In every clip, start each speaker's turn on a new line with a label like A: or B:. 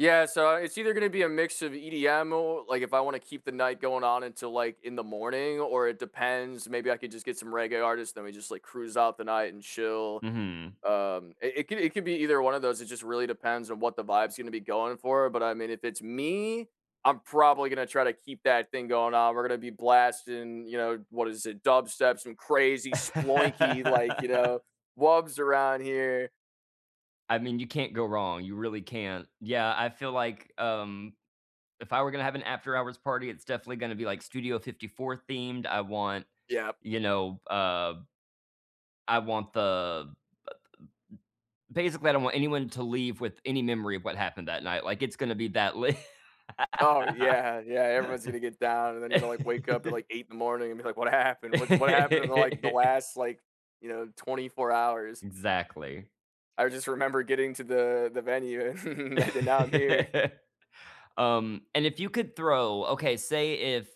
A: Yeah, so it's either gonna be a mix of EDM or like, if I wanna keep the night going on until, like, in the morning or it depends, maybe I could just get some reggae artists, then we just, like, cruise out the night and chill.
B: Mhm.
A: Um, it i it could it could be either one of those, it just really depends on what the vibe's gonna be going for but, I mean, if it's me, I'm probably gonna try to keep that thing going on, we're gonna be blasting, you know, what is it? Dubstep, some crazy sploinky, like, you know, wubs around here.
B: I mean, you can't go wrong, you really can't. Yeah, I feel like, um, if I were gonna have an after hours party, it's definitely gonna to be, like, Studio 54 themed, I want,
A: Yep.
B: you know, uh I want the the basically, I don't want anyone to leave with any memory of what happened that night, like, it's gonna be that lit.
A: Oh, yeah, yeah, everyone's gonna get down, and then you're gonna, like, wake up at, like, 8 in the morning and be like, what happened? What's what happened in the, like, the last, like, you know, 24 hours?
B: Exactly.
A: I just remember getting to the the venue and then now I'm here.
B: Um, and if you could throw okay, say if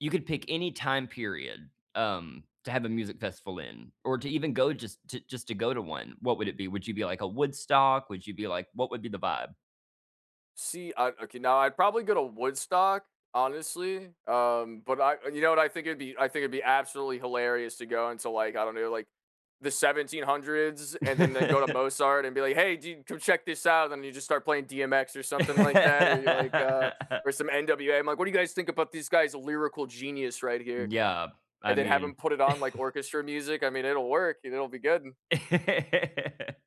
B: you could pick any time period, um, to have a music festival in or to even go just just to go to one, what would it be? Would you be like a Woodstock? Would you be like what would be the vibe?
A: See, uh, okay now I'd probably go to Woodstock, honestly, um, but I you know what, I think it'd be I think it'd be absolutely hilarious to go into, like, I don't know, like, the 1700's and then they go to Mozart and be like, "Hey, dude, come check this out," and then you just start playing DMX or something like that or you're, like, uh or some NWA, I'm like, "What do you guys think about these guys a lyrical genius right here."
B: Yeah. I
A: And then have him
B: mean
A: put it on like orchestra music, I mean, it'll work, it'll be good.